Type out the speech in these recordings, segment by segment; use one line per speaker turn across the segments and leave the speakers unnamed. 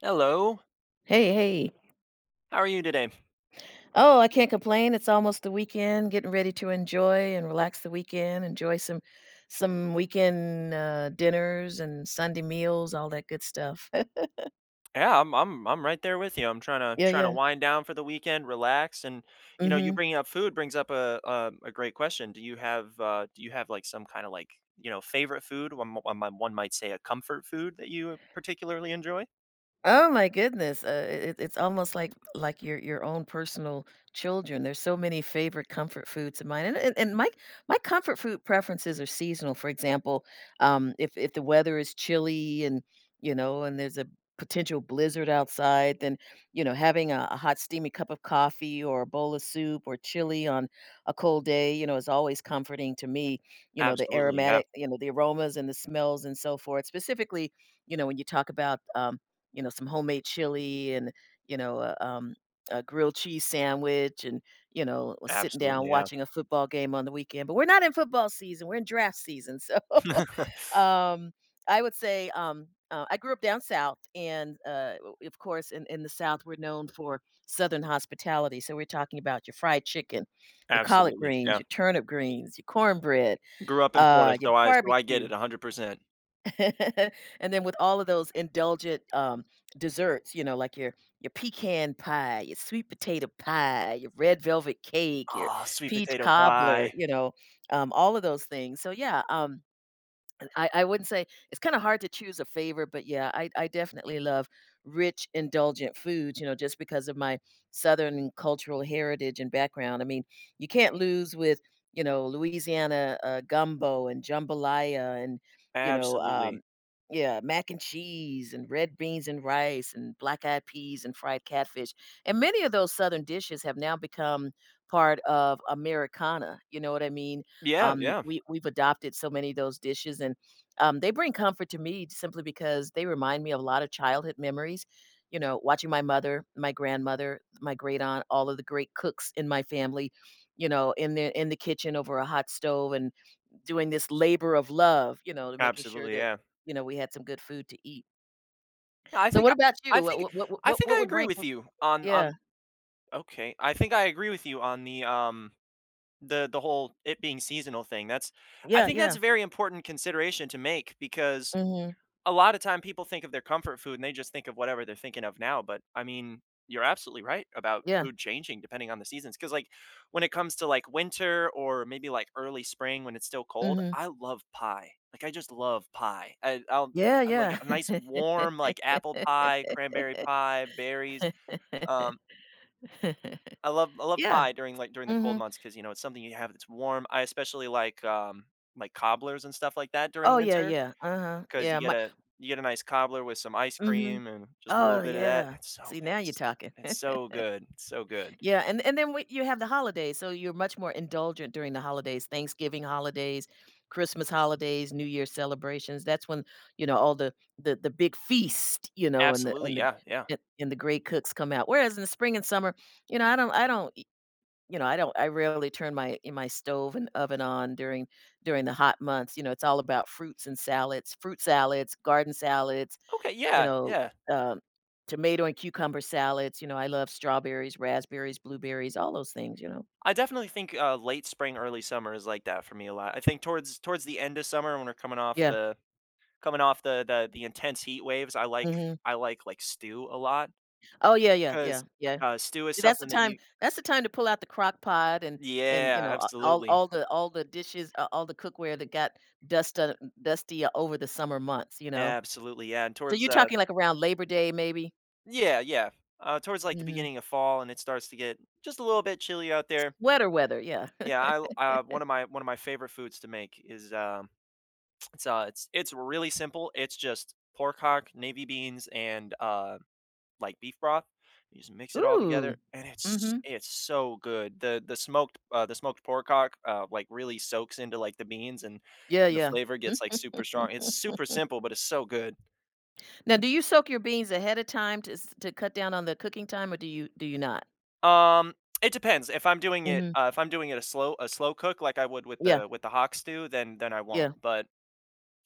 Hello.
Hey, hey.
How are you today?
Oh, I can't complain, it's almost the weekend, getting ready to enjoy and relax the weekend, enjoy some some weekend, uh, dinners and Sunday meals, all that good stuff.
Yeah. I'm I'm I'm right there with you, I'm trying to
Yeah,
trying to
yeah.
wind down for the weekend, relax, and, you know, you
Mhm.
bringing up food brings up uh uh, a great question, do you have, uh, do you have, like, some kinda, like, you know, favorite food, one m one m one might say a comfort food that you particularly enjoy?
Oh my goodness, uh, it it's it's almost like like your-your own personal children, there's so many favorite comfort foods of mine, and and and my my comfort food preferences are seasonal, for example, um, if if the weather is chilly and, you know, and there's a potential blizzard outside, then, you know, having a a hot steamy cup of coffee or a bowl of soup or chili on a cold day, you know, is always comforting to me. You know, the
Absolutely, yeah.
aromatic you know, the aromas and the smells and so forth, specifically, you know, when you talk about, um, you know, some homemade chili and, you know, uh, a, um, grilled cheese sandwich and, you know, sitting down,
Absolutely, yeah.
watching a football game on the weekend, but we're not in football season, we're in draft season. So, um, I would say, um, uh, I grew up down south, and, uh, of course, in in the South, we're known for southern hospitality, so we're talking about your fried chicken, your collard
Absolutely,
greens,
yeah.
your turnip greens, your cornbread,
Grew up in Florida,
uh, your
so I so I get
barbecue.
it 100%.
And then with all of those indulgent, um, desserts, you know, like your your pecan pie, your sweet potato pie, your red velvet cake, your
Oh, sweet
peach
potato
cobbler,
pie.
you know, um, all of those things. So, yeah, um, I I wouldn't say it's kinda hard to choose a favorite, but yeah, I I definitely love rich, indulgent foods, you know, just because of my Southern cultural heritage and background. I mean, you can't lose with, you know, Louisiana, uh, gumbo and jambalaya and, you know,
Absolutely.
um, yeah, mac and cheese, and red beans and rice and black eyed peas and fried catfish. And many of those Southern dishes have now become part of Americana. You know what I mean?
Yeah,
Um
yeah.
we we've adopted so many of those dishes and, um, they bring comfort to me simply because they remind me of a lot of childhood memories, you know, watching my mother, my grandmother, my great-aunt, all of the great cooks in my family, you know, in the in the kitchen over a hot stove and doing this labor of love, you know, to making sure
Absolutely,
that,
yeah.
you know, we had some good food to eat.
Yeah, I
So
think
what
I
about you?
I think
W w w w w
I
w
think
what
I
would
agree
rank
with
with
you on on
Yeah.
okay I think I agree with you on the, um, the the whole it being seasonal thing. That's I
Yeah,
think that's
yeah.
a very important consideration to make because
Mhm.
a lotta time people think of their comfort food and they just think of whatever they're thinking of now. But, I mean, you're absolutely right about
Yeah.
food changing depending on the seasons. 'Cause, like, when it comes to, like, winter or maybe, like, early spring when it's still cold,
Mhm.
I love pie. Like, I just love pie. I I'll
Yeah,
I'd like
yeah.
a nice warm, like, apple pie, cranberry pie, berries. Um I love I love
Yeah.
pie during, like, during the cold
Mhm.
months 'cause, you know, it's something you have that's warm. I especially like, um, my cobblers and stuff like that during
Oh yeah,
winter
yeah, uh-huh.
'cause you
Yeah,
get
my
a you get a nice cobbler with some ice
Mhm.
cream and just a little
Oh,
bit of that.
yeah!
It's so
See, now you're
it's
talking.
it's so good, so good.
Yeah. And and then when you have the holidays, so you're much more indulgent during the holidays, Thanksgiving holidays, Christmas holidays, New Year celebrations, that's when, you know, all the the the big feast, you know, and the
Absolutely,
and the
yeah, yeah.
the and the great cooks come out. Whereas in the spring and summer, you know, I don't I don't e you know, I don't I rarely turn my in my stove and oven on during during the hot months. You know, it's all about fruits and salads, fruit salads, garden salads,
Okay,
you
yeah,
know,
yeah.
um, tomato and cucumber salads, you know, I love strawberries, raspberries, blueberries, all those things. You know?
I definitely think, uh, late spring, early summer is like that for me a lot. I think towards towards the end of summer when we're coming off
Yeah.
the coming off the the the intense heat waves, I like
Mhm.
I like, like, stew a lot
Oh, yeah, yeah, yeah,
'cause,
yeah.
uh, stew is
See, that's the
something that
time
you
that's the time to pull out the Crock Pot and and, you
Yeah,
know a all
absolutely.
all the all the dishes, uh, all the cookware that got dust on dusty over the summer months, you know.
Absolutely, yeah, and
So
towards
you're
the
talking. like, around Labor Day maybe?
Yeah, yeah, uh, towards, like, the
Mhm.
beginning of fall, and it starts to get just a little bit chilly out
S
there.
weather weather, yeah.
Yeah, l uh, one of my one of my favorite foods to make is, um, it's uh, it's it's really simple. It's just pork hock, navy beans, and, uh, like, beef broth. You just mix it all
Ooh.
together and it's
Mhm.
it's so good. The the smoked uh, the smoked pork hock, uh, like, really soaks into, like, the beans, and
Yeah,
the
yeah.
flavor gets, like, super strong. It's super simple, but it's so good.
Now do you soak your beans ahead a time to s to cut down on the cooking time, or do you do you not?
Um, it depends, if I'm doing it,
Mhm.
uh if I'm doing it a slow a slow cook, like, I would with
Yeah.
the with the hock stew, then then I won't,
Yeah.
but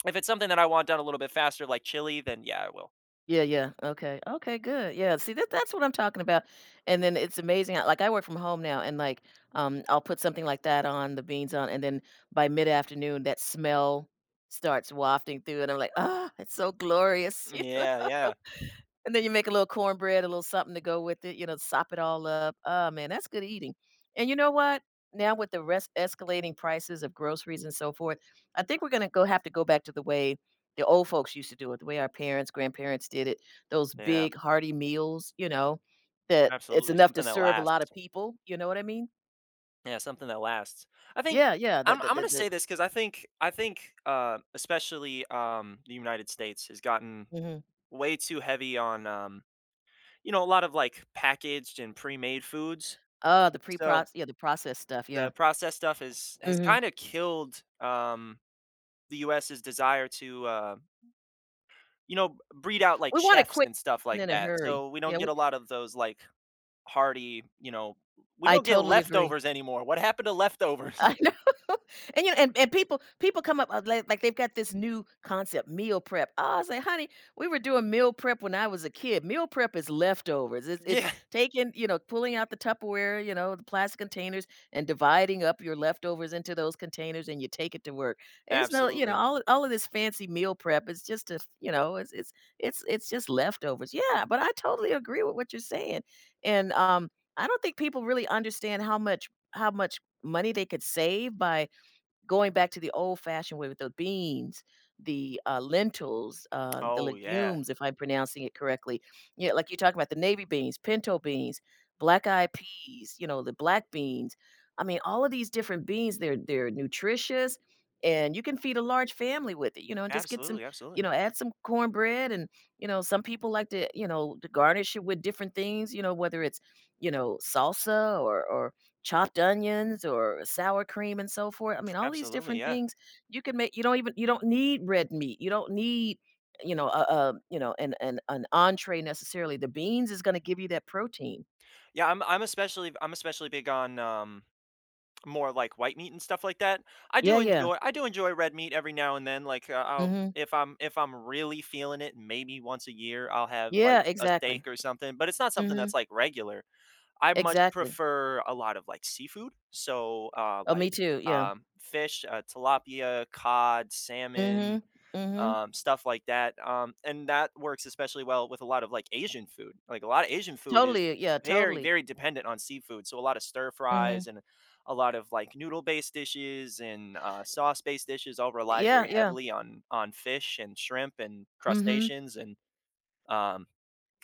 if it's something that I want done a little bit faster, like chili, then, yeah, I will.
Yeah, yeah, okay, okay, good. Yeah, see, that that's what I'm talking about. And then it's amazing I like, um, I work from home now and, like, um, I'll put something like that on- the beans on- and then by mid-afternoon, that smell starts wafting through and I'm like, "Oh, it's so glorious."
Mm,
You know?
yeah, yeah.
And then you make a little cornbread, a little something to go with it, you know, sop it all up. Oh man, that's good eating. And you know what? Now with the res escalating prices of groceries and so forth, I think we're gonna go have to go back to the way the old folks used to do it, the way our parents, grandparents did it, those
Yeah.
big hearty meals, you know, that it's
Absolutely,
enough to
something that
serve a lotta
lasts.
people, you know what I mean?
Yeah, something that lasts. I think,
Yeah, yeah, the
I'm
the
I'm
the
gonna
the
say this, 'cause I think I think, um, especially, um, the United States has gotten
Mhm.
way too heavy on, um, you know, a lot of, like, packaged and premade foods,
Oh, the preproc
so
yeah, the processed stuff,
the
yeah.
processed stuff is has
Mhm.
kinda killed, um, the US's desire to, uh you know, b breed out, like,
We want it
chefs
quick
and stuff
and
like
in a
that.
hurry,
So we don't
yeah
get
we
a lot of those, like, hearty, you know we
I
don't get
totally agree.
leftovers anymore. What happened to leftovers?
I know, and, you kn and and people people come up, uh, li like they've got this new concept, "meal prep." "Ah," I say, "Honey, we were doing meal prep when I was a kid." Meal prep is leftovers, it's it's
Yeah.
taking, you know pulling out the Tupperware- you know, the plastic containers- and dividing up your leftovers into those containers, and you take it to work. It's no you know,
Absolutely.
all of all of this fancy meal prep, it's just a f you know, it's it's it's it's just leftovers. Yeah, but I totally agree with what you're saying. And um, I don't think people really understand how much how much money they could save by going back to the old-fashioned way with the beans, the, uh, lentils, uh, the
Oh, yeah.
legumes- if I'm pronouncing it correctly- you kn like you talk about the navy beans, pinto beans, black eyed peas, you know, the black beans. I mean, all of these different beans, they're they're nutritious and you can feed a large family with it, you know, and just get some,
Absolutely,
you
absolutely.
know, add some corn bread. And, you know, some people like to, you know, to garnish it with different things, you know, whether it's, you know, salsa or or chopped onions or sour cream and so forth. I mean, all these
Absolutely.
different
Yeah.
things you can make you don't even you don't need red meat. You don't need, you know, uh, uh, you know, an an an entrée necessarily. The beans is gonna give you that protein.
Yeah, I'm I'm especially I'm especially big on, um more, like, white meat and stuff like that. I do
Yeah, yeah.
enjoy I do enjoy red meat every now and then, like, uh, I'll
Mhm.
if I'm if I'm really feeling it, maybe once a year, I'll have, like,
Yeah,
a
exactly.
steak or something, but it's not something
Mhm.
that's, like, regular. I much
Exactly.
prefer a lot of, like, seafood, so, uh,
Oh, me
like,
too, yeah.
um, fish, uh, tilapia, cod, salmon,
Mhm, mhm.
um, stuff like that, um, and that works especially well with a lot of, like, Asian food, like, a lotta Asian food is
Totally, yeah,
very,
totally.
very dependent on seafood, so a lot of
Mhm.
stir-fries and a lot of, like, noodle-based dishes and, uh, sauce-based dishes all rely
Yeah,
very
yeah.
heavily on on fish, and shrimp, and
Mhm.
crustaceans, and, um,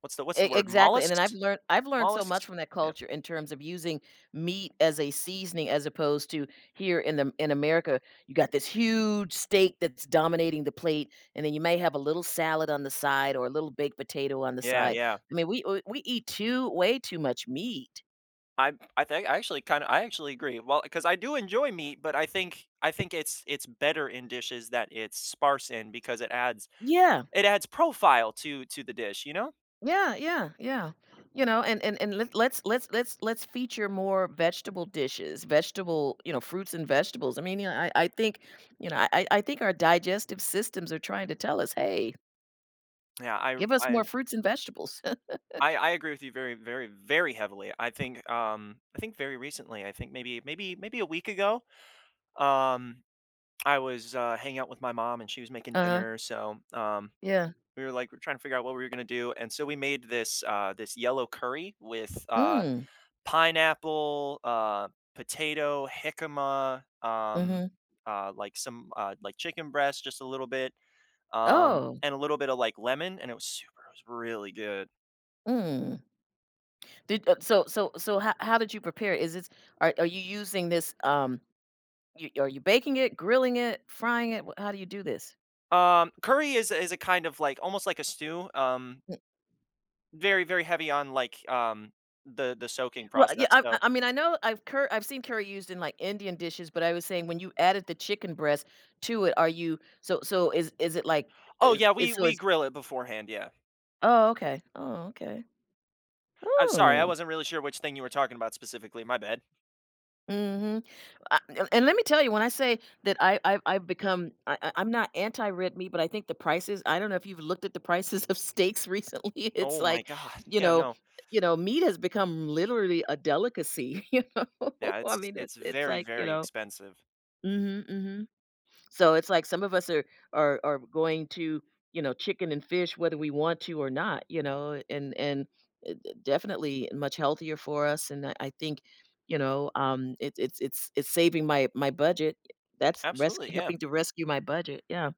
what's the what's the
E
word-
exactly, and then I've
mollusks?
lear I've learned so much
Mollusks?
from that
Yep.
culture in terms of using meat as a seasoning as opposed to here in Am in America, you got this huge steak that's dominating the plate, and then you may have a little salad on the side or a little baked potato on the
Yeah,
side.
yeah.
I mean, we w we eat too way too much meat.
I I think I actually kinda I actually agree, well, 'cause I do enjoy meat, but I think I think it's it's better in dishes that it's sparse in because it adds
Yeah.
it adds profile to to the dish, you know?
Yeah, yeah, yeah, you know, and and and l let's let's let's let's feature more vegetable dishes, vegetable you know, fruits and vegetables, I mean, you know, I I think, you know, I I I think our digestive systems are trying to tell us, "Hey"
Yeah, I r
"give us more
I
fruits and vegetables."
I I agree with you very, very, very heavily, I think, um, I think very recently, I think maybe maybe maybe a week ago, um, I was, uh, hanging out with my mom and she was making
Uh-huh.
dinner, so, um,
Yeah.
we were like we're trying to figure out what we were gonna do, and so we made this, uh, this yellow curry with, uh,
Mm.
pineapple, uh, potato, jicama, um,
Mhm.
uh, like, some, uh, like, chicken breast, just a little bit, um,
Oh.
and a little bit of, like, lemon, and it was super was really good.
Mm. Did uh, so so so ho how did you prepare it, is this are are you using this, um you are you baking it, grilling it, frying it, w how do you do this?
Um, curry is a is a kind of, like, almost, like, a stew, um
Hmm.
Very, very heavy on, like, um, the the soaking
Well, yeah,
process,
I
so
I mean I know I've curr I've seen curry used in, like, Indian dishes, but I was saying, when you added the chicken breast to it, are you so so is is it like
Oh,
is
yeah, we
so
we
it's
grill it beforehand, yeah.
Oh, okay, oh, okay
I'm sorry, I
Oh.
wasn't really sure which thing you were talking about specifically, my bad.
Mhm, I and let me tell you, when I say that I've I've I've become I I I'm not anti red meat, but I think the prices I don't know if you've looked at the prices of steaks recently, it's
Oh my
like,
god,
you
yeah,
know
no.
you know, meat has become, literally, a delicacy, you know?
Yeah,
I
it's
mean, it
it's
it's
very,
like, you
very
know
expensive.
Mhm, mhm, so, it's like, some of us are are are going to, you know, chicken and fish, whether we want to or not, you know, and and, d d definitely, much healthier for us, and, uh, I think, you know, um, it it's it's it's saving my my budget. That's res
Absolutely, yeah.
helping to rescue my budget, yeah.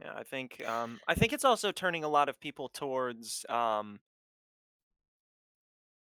Yeah, I think, um I think it's also turning a lot of people towards, um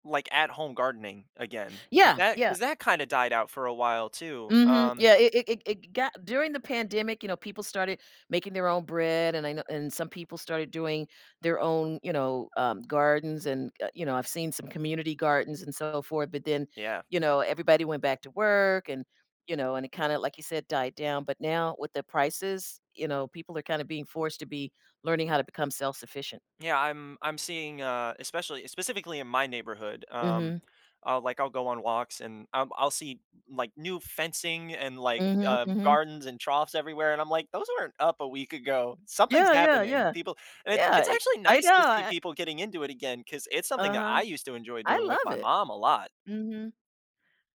like at home gardening again, 'cause
Yeah,
that
yeah.
'cause that kinda died out for a while too,
Mhm.
um
Yeah, it it it it got during the pandemic, you know, people started making their own bread and I know and some people started doing their own, you know, um, gardens and, uh, you know, I've seen some community gardens and so forth, but then,
Yeah.
you know, everybody went back to work, and, you know, and it kinda, like you said, died down, but now with the prices, you know, people are kinda being forced to be learning how to become self-sufficient.
Yeah, I'm I'm seeing, uh, especially eh, specifically in my neighborhood, um,
Mhm.
I'll like, I'll go on walks and, um, I'll see, like, new fencing and, like,
Mhm,
uh,
mhm.
gardens and troughs everywhere, and I'm like, "Those weren't up a week ago, something's
Yeah, yeah,
happening,
yeah.
people" and it's
Yeah,
it's
i
actually
I
nice
know
to see
I I
people getting into it again, 'cause it's something that
Uh-huh.
I used to enjoy
I
doing with
love
my
it.
mom a lot.
Mhm.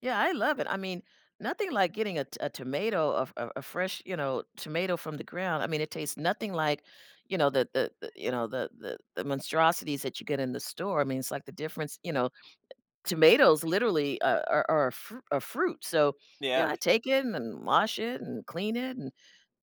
Yeah, I love it, I mean, nothing like getting a to a tomato, a f a a fresh, you know, tomato from the ground, I mean, it tastes nothing like, you know, the the the you know, the the the monstrosities that you get in the store, I mean, it's like the difference you know, tomatoes literally, uh, are are a fru a fruit, so, you
Yeah.
know, I take it and wash it and clean it and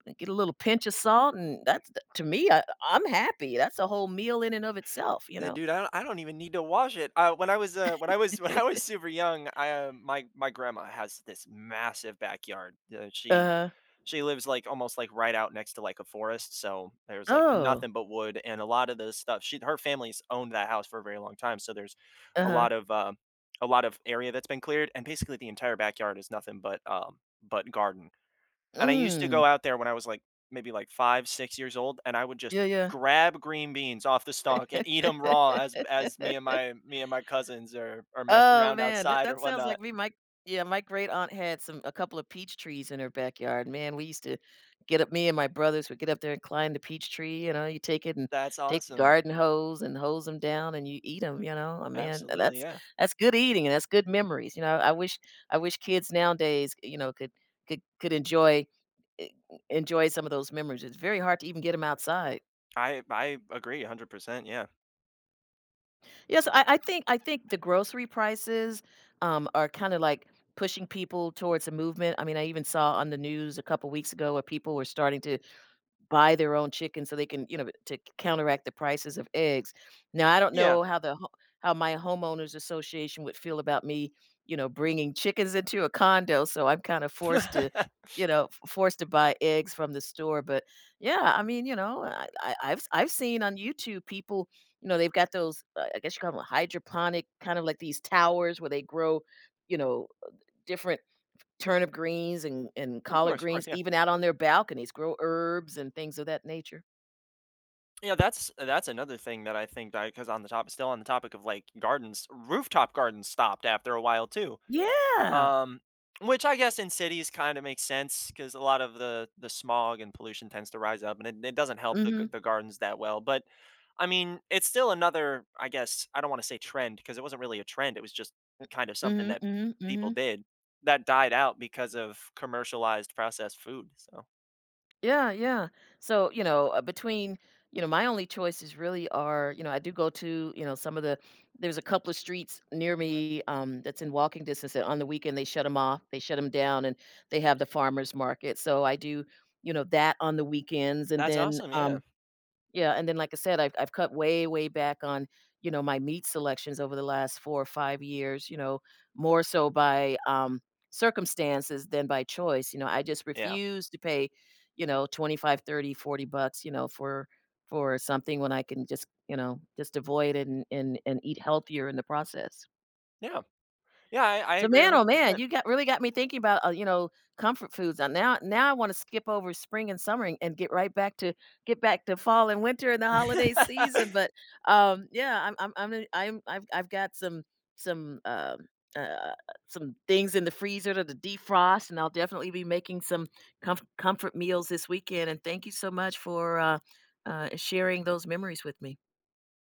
I get a little pinch a salt, and that's the to me, uh, I'm happy, that's a whole meal in and of itself, you
Uh,
know?
dude, I do I don't even need to wash it. Uh, when I was, uh, when I was when I was super young, um my my grandma has this massive backyard, uh, she
Uh-huh.
she lives, like, almost, like, right out next to, like, a forest, so there's, like,
Oh.
nothing but wood and a lotta the stuff, she her family's owned that house for a very long time, so there's a
Uh-huh.
lot of uh, a lot of area that's been cleared, and basically the entire backyard is nothing but, uh, but garden. And I used to
Mm.
go out there when I was, like, maybe, like, 5, 6 years old, and I would just
Yeah, yeah.
grab green beans off the stalk and eat 'em raw as as me and my me and my cousins are are messing
Oh,
around
man.
outside or
That-that sounds
whatnot.
like we might yeah, my great-aunt had some a couple of peach trees in her backyard, man, we used to get up me and my brothers would get up there and climb the peach tree, you know, you take it and
That's
take the
awesome.
garden hose and hose 'em down and you eat 'em, you know? Oh man, uh,
Absolutely,
that's
yeah.
that's good eating and that's good memories, you know, I wish I wish kids nowadays, you know, could could could enjoy eh, e enjoy some of those memories, it's very hard to even get 'em outside.
I I agree 100%, yeah.
Yes, so, I I think I think the grocery prices, um, are kinda like pushing people towards a movement, I mean, I even saw on the news a couple weeks ago where people were starting to buy their own chicken so they can, you know, to c counteract the prices of eggs, now, I don't
Yeah.
know how the ho how my homeowners association would feel about me, you know, bringing chickens into a condo, so I'm kinda forced to, you know, f forced to buy eggs from the store, but yeah, I mean, you know, I I I've s I've seen on YouTube people, you know, they've got those, uh, I guess you call them hydroponic, kind of like these towers where they grow, you know, uh, different turnip greens and and
Of
collard
course, of course,
greens
yeah.
even out on their balconies, grow herbs and things of that nature.
Yeah, that's that's another thing that I think I 'cause on the topi still on the topic of like gardens, rooftop gardens stopped after a while too,
Yeah!
um, which I guess in cities kinda makes sense 'cause a lot of the the smog and pollution tends to rise up and it it doesn't help the g
Mhm.
the gardens that well, but, I mean, it's still another, I guess, I don't wanna say trend, 'cause it wasn't really a trend, it was just
M
kind of something
Mhm,
that
mhm,
people
mhm.
did that died out because of commercialized processed food, so.
Yeah, yeah, so, you know, uh, between you know, my only choices really are, you know I do go to, you know, some of the there's a couple of streets near me, um, that's in walking distance, and on the weekend they shut 'em off they shut 'em down, and they have the farmer's market so, I do, you know, that on the weekends, and
That's
then,
awesome, yeah.
um yeah and then like I said, I've I've cut way, way back on, you know, my meat selections over the last 4 or 5 years, you know, more so, by, um, circumstances than by choice, you know, I just
Yeah.
refuse to pay, you know, twenty-five, 30, 40 bucks, you know, for, for something, when I can just, you know, just avoid it and and and eat healthier in the process.
Yeah. Yeah, I I
So,
agree a
man, oh
hundred
man,
percent.
you got really got me thinking about, uh you know, comfort foods, uh, now now I wanna skip over spring and summer, an and get right back to get back to fall and winter and the holiday season, but, um, yeah I'm I'm Imma n I'm I've I've got some some, um uh, uh, some things in the freezer to de-defrost, and I'll definitely be making some comf comfort meals this weekend, and thank you so much for, uh, uh, sharing those memories with me.